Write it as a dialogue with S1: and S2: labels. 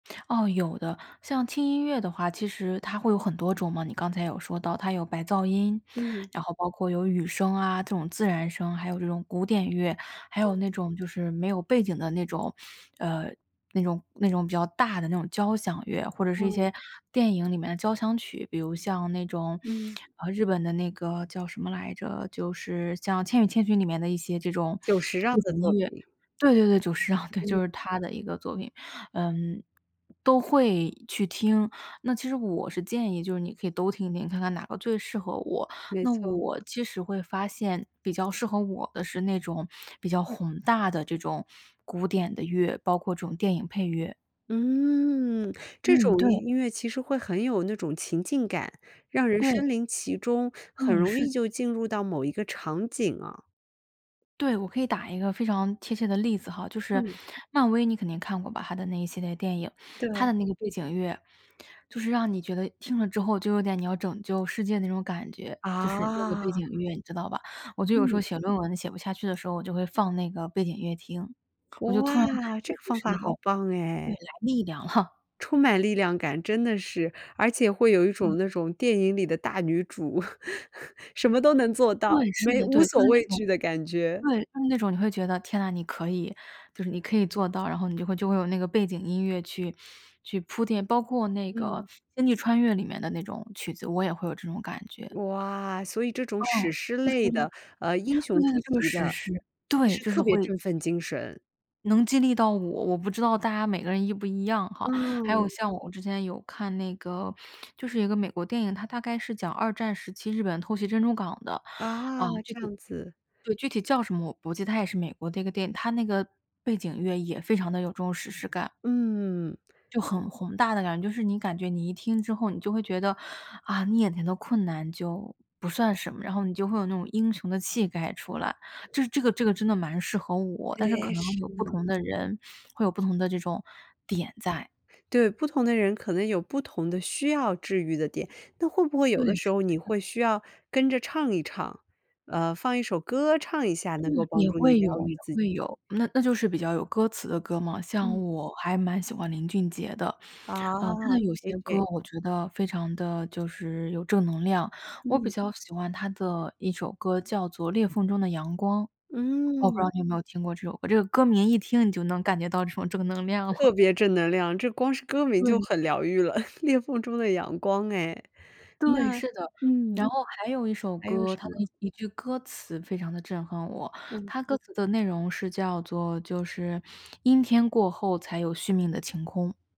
S1: 哦有的，像轻音乐的话，其实它会有很多种嘛。你刚才有说到它有白噪音，
S2: 嗯。
S1: 然后包括有雨声啊，这种自然声，还有这种古典乐。还有
S2: 对。
S1: 那种就是没有背景的那种，呃，那种那种比较大的那种交响乐，或者是一
S2: 嗯。
S1: 些电影里面的交响曲。比如像那种，
S2: 嗯。
S1: 啊，日本的那个叫什么来着？就是像《千与千寻》里面的一些这种
S2: 久石让
S1: 背
S2: 的
S1: 景
S2: 作
S1: 音乐
S2: 品。
S1: 对对对，久石让，对，
S2: 嗯。
S1: 就是他的一个作品。嗯，都会去听，那其实我是建议就是你可以都听听，看看哪个最适合我。
S2: 没
S1: 那
S2: 错。
S1: 我其实会发现，比较适合我的是那种比较宏大的这种古典的乐，包括这种电影配乐。
S2: 嗯，这
S1: 嗯，
S2: 种
S1: 对。
S2: 音乐其实会很有那种情境感，让人
S1: 对。
S2: 身临其中，很
S1: 嗯，
S2: 容易
S1: 是。
S2: 就进入到某一个场景啊。
S1: 对，我可以打一个非常贴切的例子哈。就是
S2: 嗯。
S1: 漫威你肯定看过吧，它的那一系列电影。它
S2: 对。
S1: 的那个背景乐，就是让你觉得听了之后就有点你要拯救世界那种感觉，就是那个背
S2: 啊。
S1: 景乐，你知道吧？我就有时候
S2: 嗯。
S1: 写论文写不下去的时候，我就会放那个背景乐听。我就突然感
S2: 哇，这
S1: 觉
S2: 个
S1: 就
S2: 方
S1: 是
S2: 法
S1: 那
S2: 好
S1: 种
S2: 棒
S1: 未
S2: 诶。
S1: 来力量哈。
S2: 充满力量感，真的是。而且会有一
S1: 嗯。
S2: 种那种电影里的大女主，什么都能做到，
S1: 对，是
S2: 没
S1: 的，
S2: 无
S1: 对，就
S2: 所
S1: 是那
S2: 畏
S1: 种
S2: 惧的感觉。
S1: 对，就是那种，你会觉得，天呐，你可以就是你可以做到，然后你就会就会有那个背景音乐去去铺垫。包括那个
S2: 嗯。
S1: 《星际穿越》里面的那种曲子，我也会有这种感觉。
S2: 哇，所以这种
S1: 嗯。
S2: 史诗
S1: 故事
S2: 类
S1: 呢
S2: 的，呃，英
S1: 对，
S2: 雄主
S1: 就是
S2: 题
S1: 史
S2: 的，
S1: 诗，
S2: 其
S1: 对，
S2: 实
S1: 就是
S2: 特别
S1: 会
S2: 振奋精神。
S1: 能激励到我，我不知道大家每个人一不一样哈。还有
S2: 嗯。
S1: 像我之前有看那个，就是一个美国电影，它大概是讲二战时期日本偷袭珍珠港的，啊，
S2: 啊，
S1: 具
S2: 这
S1: 体
S2: 样子。
S1: 对，具体叫什么，我不记它也是美国的一个电影，它那个背景乐也非常地有这种史诗感。
S2: 嗯。
S1: 就很宏大的感觉，就是你感觉你一听之后你就会觉得，啊，你眼前的困难就不算什么。然后你就会有那种英雄的气概出来。就是这个这个真的蛮适合我，但是可
S2: 哎，
S1: 能
S2: 是
S1: 有不
S2: 呢。
S1: 同的人会有不同的这种点在。
S2: 对，不同的人可能有不同的需要治愈的点，但会不会
S1: 对，
S2: 有的
S1: 是
S2: 时候
S1: 的
S2: 你
S1: 是的。
S2: 会需要跟着唱一唱，呃，放一首歌唱一下，
S1: 嗯，
S2: 能够帮
S1: 也
S2: 助你
S1: 会有
S2: 疗
S1: 也
S2: 愈自
S1: 会
S2: 己？
S1: 有，那那就是比较有歌词的歌嘛。像
S2: 嗯。
S1: 我还蛮喜欢林俊杰的，啊，他
S2: 啊
S1: 的有些
S2: ，JJ。
S1: 歌我觉得非常地就是有正能量。我比
S2: 嗯。
S1: 较喜欢他的一首歌叫做《裂缝中的阳光》，我不知
S2: 嗯。
S1: 道你有没有听过这首歌。这个歌名一听你就能感觉到这种正能量了。
S2: 特别正能量，这光是歌名就
S1: 对。
S2: 很疗愈了，《裂缝中的阳光》哎，
S1: 对，
S2: 那
S1: 是的。
S2: 嗯，
S1: 然后还有一首
S2: 还有
S1: 歌，
S2: 什
S1: 它的
S2: 么？
S1: 一句歌词非常地震撼我。
S2: 嗯。
S1: 它歌词的内容是叫做就是“阴天过后才有续命的晴空”。